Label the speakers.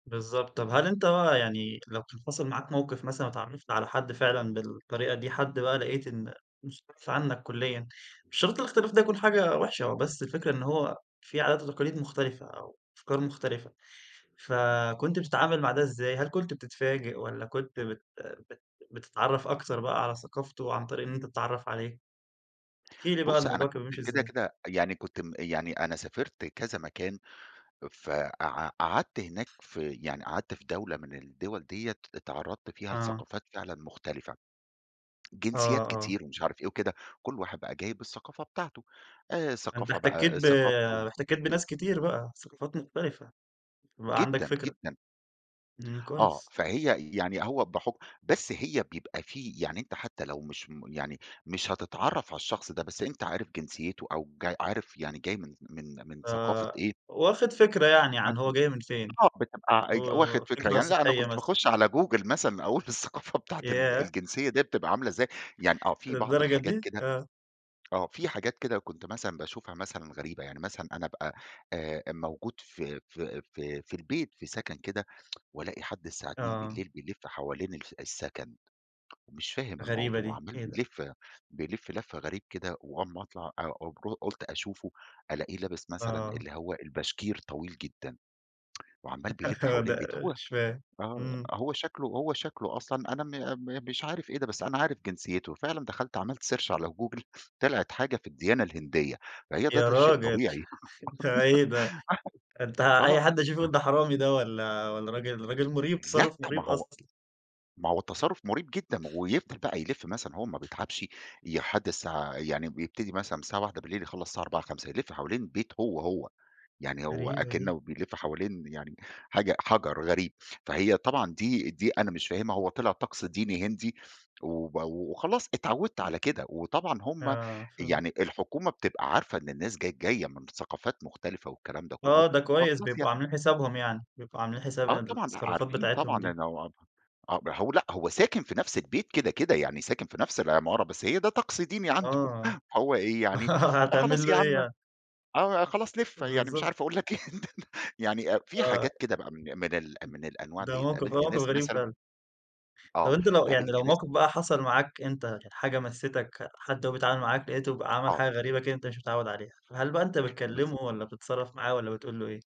Speaker 1: بالضبط. طب هل أنت بقى يعني لو كان حصل معاك موقف مثلًا واتعرفت على حد فعلًا بالطريقة دي حد بقى لقيت إن مُستعصي عنك كليًا، مش شرط الاختلاف ده يكون حاجة وحشة هو بس الفكرة إن هو في عادات وتقاليد مختلفة أو أفكار مختلفة. فكنت بتتعامل مع ده إزاي؟ هل كنت بتتفاجئ والّا كنت بت بت بتتعرّف أكتر بقى على ثقافته عن طريق إن أنت تتعرّف عليه؟ احكي لي بعد
Speaker 2: بُصّ أنا
Speaker 1: الموضوع كان
Speaker 2: كنت
Speaker 1: بيمشي
Speaker 2: كده
Speaker 1: إزاي؟
Speaker 2: كده يعني كنت م يعني أنا سافرت كذا مكان فقع قعدت هناك في يعني قعدت في دولة من الدول دِيَّة اتعرضت فيها
Speaker 1: آه.
Speaker 2: لثقافات فعلًا مختلفة،
Speaker 1: آه،
Speaker 2: جنسيات
Speaker 1: آه.
Speaker 2: كتير ومش عارف إيه وكده، كُل واحد بقى جاي بالثقافة بتاعته، آآ
Speaker 1: أنت
Speaker 2: ثقافة
Speaker 1: احتكيت
Speaker 2: بقى
Speaker 1: ب
Speaker 2: ثقافته
Speaker 1: احتكيت بناس كتير بقى، ثقافات مختلفة، فبقى عندك
Speaker 2: جدًا،
Speaker 1: فكرة.
Speaker 2: جدًا.
Speaker 1: إمم،
Speaker 2: آه،
Speaker 1: كويس.
Speaker 2: فهي يعني هو بحُكم بس هي بيبقى في يعني أنت حتى لو مش م يعني مش هتتعرَّف على الشخص ده بس أنت عارف جنسيته أو جا عارف يعني جاي من من من ثقافة إيه
Speaker 1: فواخد فكرة يعني
Speaker 2: حت
Speaker 1: عن هو جاي من فين،
Speaker 2: آه بتبقى أج واخد فكرة
Speaker 1: وفكرة
Speaker 2: يعني لأ أنا
Speaker 1: سطحية
Speaker 2: كنت
Speaker 1: مثلًا.
Speaker 2: باخش على Google مثلًا أقول الثقافة بتاعة ال
Speaker 1: ياه!
Speaker 2: الجنسية دِيَّة تبقى عاملة إزاي. يعني آه، في بعض
Speaker 1: للدرجة
Speaker 2: الحاجات
Speaker 1: دي؟
Speaker 2: كده
Speaker 1: آه.
Speaker 2: آه، في حاجات كده كنت مثلًا باشوفها مثلًا غريبة يعني مثلًا أنا أبقى آآ موجود في في في في البيت في سكن كده وألاقي حد الساعة اتنين
Speaker 1: آه.
Speaker 2: بالليل بيلِف حوالين الف السكن، ومش فاهم
Speaker 1: غريبة
Speaker 2: الموضوع،
Speaker 1: دي!
Speaker 2: عمّال
Speaker 1: إيه ده؟
Speaker 2: بيلِف بيلِف لَف غريب كده وأول ما أطلع أ أوب قُلت أشوفه، ألاقيه لابس مثلًا
Speaker 1: آه.
Speaker 2: اللي هو الباشكير طويل جدًا وعمّال بيلِف حوالين البيت
Speaker 1: ده
Speaker 2: هو
Speaker 1: مش فاهم.
Speaker 2: آه،
Speaker 1: إمم.
Speaker 2: هو شكله هو شكله أصلًا أنا م م مش عارف إيه ده بس أنا عارف جنسيته، فعلًا دخلت عملت search على Google طلعت حاجة في الديانة الهندية، فهي د
Speaker 1: يا
Speaker 2: ده شيء
Speaker 1: راجل؟
Speaker 2: طبيعي
Speaker 1: ده إيه ده؟ ده أنت
Speaker 2: [unintelligible]
Speaker 1: أي
Speaker 2: آه،
Speaker 1: حد هيشوفه يقول ده حرامي ده والّا والّا راجل راجل مُريب
Speaker 2: لأ،
Speaker 1: تصرُّف
Speaker 2: ما
Speaker 1: مُريب
Speaker 2: هو
Speaker 1: أصلًا.
Speaker 2: ما هو التصرّف مُريب جدًا ويفضل بقى يلِف مثلًا وهو ما بيتعبش يحد الساعة يعني بيبتدي مثلًا من الساعة 01:00 يخلّص الساعة 04:00، 05:00، يلِف حوالين البيت هو هو، يعني هو
Speaker 1: غريبة دي.
Speaker 2: أكنه بيلِف حوالين يعني حاجة حَجر غريب. فهي طبعًا دي دي أنا مش فاهمها، هو طلع طقس ديني هندي وب وخلاص اتعوّدت على كده وطبعًا هُم
Speaker 1: آه شُغل.
Speaker 2: يعني الحكومة بتبقى عارفة إن الناس ج جاية من ثقافات مختلفة والكلام ده كلّه
Speaker 1: آه ده كويس
Speaker 2: فخلاص
Speaker 1: بيبقوا
Speaker 2: يعني.
Speaker 1: عاملين حسابهم يعني، بيبقوا عاملين حساب
Speaker 2: آه طبعًا
Speaker 1: التصرفات
Speaker 2: عارفين
Speaker 1: بتاعتهم
Speaker 2: طبعًا
Speaker 1: دي.
Speaker 2: إن هو آه ب هو لأ هو ساكن في نفس البيت كده كده، يعني ساكن في نفس العمارة بس هي ده طقس ديني عنده
Speaker 1: آه.
Speaker 2: فهو إيه يعني خلاص
Speaker 1: هتعمل له
Speaker 2: يا
Speaker 1: إيه
Speaker 2: عم
Speaker 1: يعني؟
Speaker 2: آآ خلاص لِف، يعني مش
Speaker 1: بالضبط.
Speaker 2: عارف أقول لك إيه يعني أ في حاجات
Speaker 1: آه.
Speaker 2: كده بقى من من ال
Speaker 1: إمم.
Speaker 2: من الأنواع
Speaker 1: ده
Speaker 2: دِيَّة.
Speaker 1: موقف
Speaker 2: قابلت
Speaker 1: موقف
Speaker 2: ناس
Speaker 1: غريب
Speaker 2: مثلًا
Speaker 1: فعلًا. طب
Speaker 2: آه،
Speaker 1: أنت لو يعني
Speaker 2: قابلت
Speaker 1: لو
Speaker 2: ناس
Speaker 1: موقف بقى حصل معاك أنت كانت حاجة مَسِّتك، حد وهو بيتعامل معاك لقيته ب عمل
Speaker 2: آه.
Speaker 1: حاجة غريبة كده أنت مش متعوِّد عليها، فهل بقى أنت بتكلمه
Speaker 2: بالضبط.
Speaker 1: والّا بتتصرَّف معاه والّا بتقول له إيه؟